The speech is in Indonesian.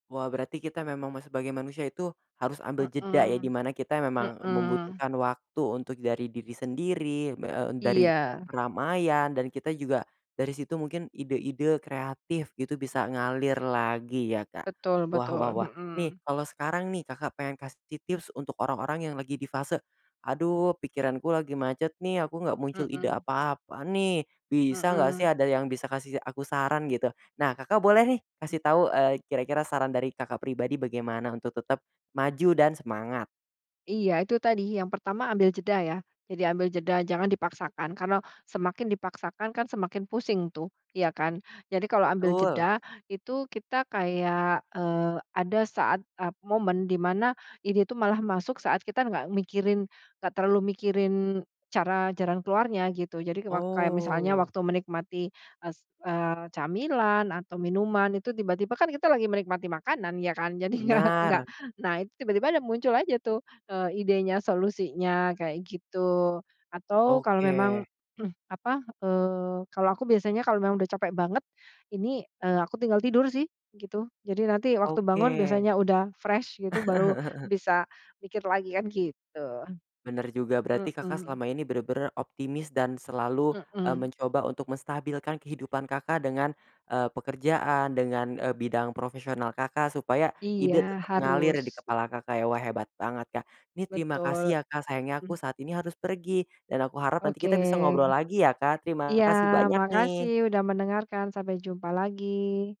Wah berarti kita memang me sebagai manusia itu, harus ambil jeda ya, di Hmm mana kita memang hmm, membutuhkan waktu untuk dari diri sendiri, b e m dari Iya. keramaian, dan kita juga dari situ mungkin ide-ide kreatif gitu bisa ngalir lagi ya, Kak. Betul Wah wah betul. wah, Hmm. nih kalau sekarang nih Kakak pengen kasih tips-tips untuk orang-orang yang lagi di fase, aduh pikiranku lagi macet nih, aku nggak muncul ide Mhm. apa-apa nih, bisa nggak sih Mhm. ada yang bisa kasih aku saran gitu. Nah Kakak boleh nih kasih tahu, eee, kira-kira saran dari Kakak pribadi bagaimana untuk tetep maju dan semangat? Iya, itu tadi yang pertama ambil jeda ya. Jadi ambil jeda, jangan dipaksakan. Karena semakin dipaksakan kan semakin pusing tuh, iya kan. Jadi kalau ambil Betul. jeda itu kita kayak, eee, ada saat ap momen di mana ini tuh malah masuk saat kita nggak mikirin, nggak terlalu mikirin cara jalan keluarnya gitu. Jadi wak kayak misalnya Oh. waktu menikmati s eee, camilan, atau minuman, itu tiba-tiba kan kita lagi menikmati makanan, ya kan. Jadinya nggak nggak Benar. naik, tiba-tiba dah muncul aja tuh, eee, idenya, solusinya, kayak gitu. Atau kalau Oke. memang, eee, apa, eee, kalau aku biasanya kalau memang udah, capek banget ini, eee, aku tinggal tidur sih gitu. Jadi nanti waktu bangun Oke. biasanya udah fresh gitu, baru bisa mikir lagi, kan gitu. Benar juga, berarti Kakak Mhm. selama ini benar-benar optimis dan selalu, eee, Mhm. mencoba untuk menstabilkan kehidupan Kakak dengan, eee, pekerjaan, dengan, e bidang profesional Kakak, supaya Iya, ide tetap mengalir di harus. kepala Kakak ya. Wah hebat banget, Kak. Ini terima kasih Betul. ya, Kak, sayangnya aku saat ini harus pergi, dan aku harap nanti Oke, kita bisa ngobrol lagi ya, Kak. Terima iya kasih banyak makasih nih. udah mendengarkan. Sampai jumpa lagi.